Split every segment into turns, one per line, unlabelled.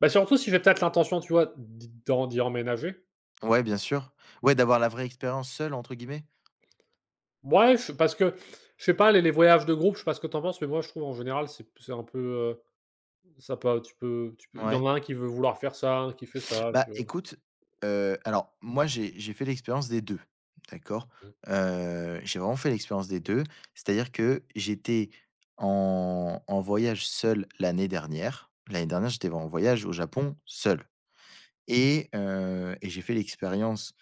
Bah, surtout si j'ai peut-être l'intention, tu vois, d'y d'en d'y emménager.
Ouais, bien sûr. Ouais, d'avoir la vraie expérience «seule» entre guillemets.
Ouais, je parce que je sais pas, les les voyages de groupe, je sais pas ce que tu en penses, mais moi je trouve en général, c'est p c'est un peu, heu, ça pas tu peux tu peux il y
Ouais.
en a un qui veut vouloir faire ça, un, qui fait ça,
Bah
tu vois?
écoute, heu, alors moi j'ai j'ai fait l'expérience des 2, d'accord.
Mmh.
Heu, j'ai vraiment fait l'expérience des deux, c'est-à-dire que j'étais en-en voyage seul l'année dernière. L'année dernière j'étais en voyage au Japon, seul. Et heu, et j'ai fait l'expérience,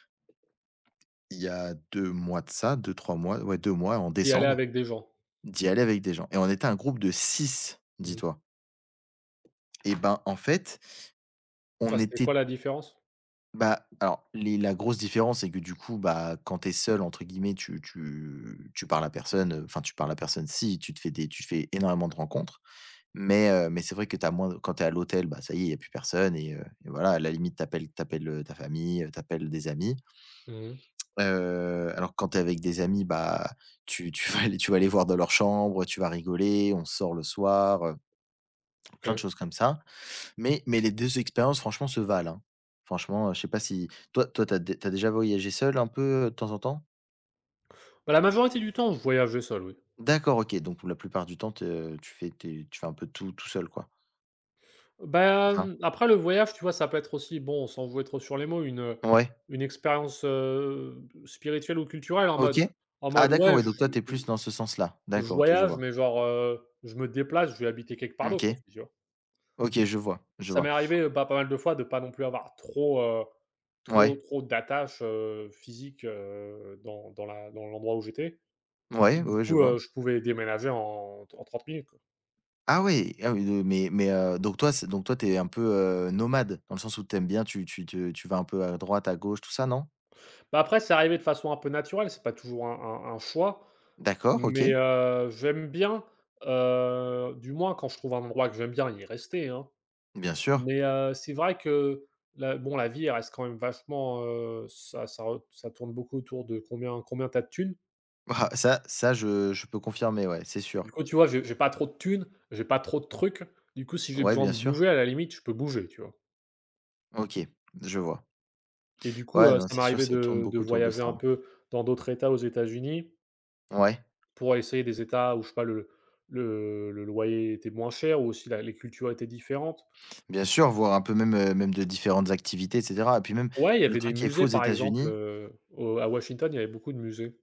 il y a 2 mois de ça, 2-3 mois, ouais, 2 mois, en
Tu y es allé
décembre,
avec des gens?
d'y aller avec des gens. Et on était un groupe de 6,
Mmh.
dis-toi. Eh ben, en fait on
Ah, c'était
était
quoi
t
la différence?
Bah, alors, les la grosse différence c'est que du coup, bah, quand tu es «seul», entre guillemets, tu tu tu parles à personne, enfin, tu parles à personne, si tu te fais des tu te fais énormément de rencontres. Mais heu, mais c'est vrai que tu as moins quand tu es à l'hôtel, bah, ça y est, il y a plus personne. Et heu et voilà, à la limite tu appelles tu appelles ta famille, tu appelles des amis.
Mmh mh.
Heu, alors que quand tu es avec des amis, bah, tu tu vas aller tu vas aller voir dans leur chambre, tu vas rigoler, on sort le soir, heu plein de
OK.
choses comme ça. Mais mais les 2 expériences franchement, se valent, hein. Franchement je sais pas si toi toi, tu as tu as déjà voyagé seul un peu de temps en temps?
Bah, la majorité du temps, je voyageais seul, oui.
D'accord, OK, donc pour la plupart du temps te tu fais tes tu fais un peu tout, tout seul, quoi. C'est ça?
Ben, après le voyage, tu vois, ça peut être aussi, bon, on sans jouer trop sur les mots, une, heu,
Ouais.
une expérience, heu, spirituelle ou culturelle, en
OK.
mode en
Ah
mode,
d'accord
ouais,
ouais,
je
donc toi, tu es
je
plus dans ce sens-là.
je
D'accord, OK, je
voyage
vois.
mais genre, heu, je me déplace, je vais habiter quelque part
Mmh OK.
d'autre aussi, tu vois?
OK, je vois, je
Ça
vois.
m'est arrivé, bah, pas mal de fois, de pas non plus avoir trop, heu,
Mouais.
trop, trop d'attache, heu, physique, heu, dans dans la dans l'endroit où j'étais.
Mouais, oui,
Du
oui, je
coup,
vois.
heu, je pouvais déménager en t en 30 minutes, quoi.
Ah oui, ah oui, heu mais mais heu, donc toi, c'est donc toi, tu es un peu, heu, nomade? Dans le sens où tu aimes bien tu tu te tu vas un peu à droite, à gauche, tout ça, non?
Bah, après c'est arrivé de façon un peu naturelle, c'est pas toujours un un un choix
D'accord,
mais,
OK.
heu, j'aime bien, heu, du moins quand je trouve un endroit que j'aime bien y rester, hein.
Bien sûr.
Mais, heu, c'est vrai que la bon la vie reste quand même vachement, heu, ça ça re ça tourne beaucoup autour de combien combien tu as de tunes.
Ah, ça ça, je je peux confirmer ouais, c'est sûr.
Du coup, tu vois? J'ai j'ai pas trop de tunes, j'ai pas trop de trucs. Du coup, si j'ai
Ouais,
besoin
bien
de
sûr.
bouger à la limite, je peux bouger, tu vois?
OK, je vois.
Et du coup,
Ouais,
heu,
non,
ça
c'est sûr
m'arrivait
ça tourne
de de
beaucoup autour de
voyager
ça,
un
hein.
peu dans d'autres états, aux États-Unis.
Ouais.
Pour essayer des états où je sais pas, le le le loyer était moins cher ou aussi la les cultures étaient différentes.
Bien sûr, voir un peu même, heu, même de différentes activités et ceter. Et puis même
Ouais, il y
le
avait des
truc qui est fou aux
musées par exemple,
États-Unis
heu, au à Washington, il y avait beaucoup de musées.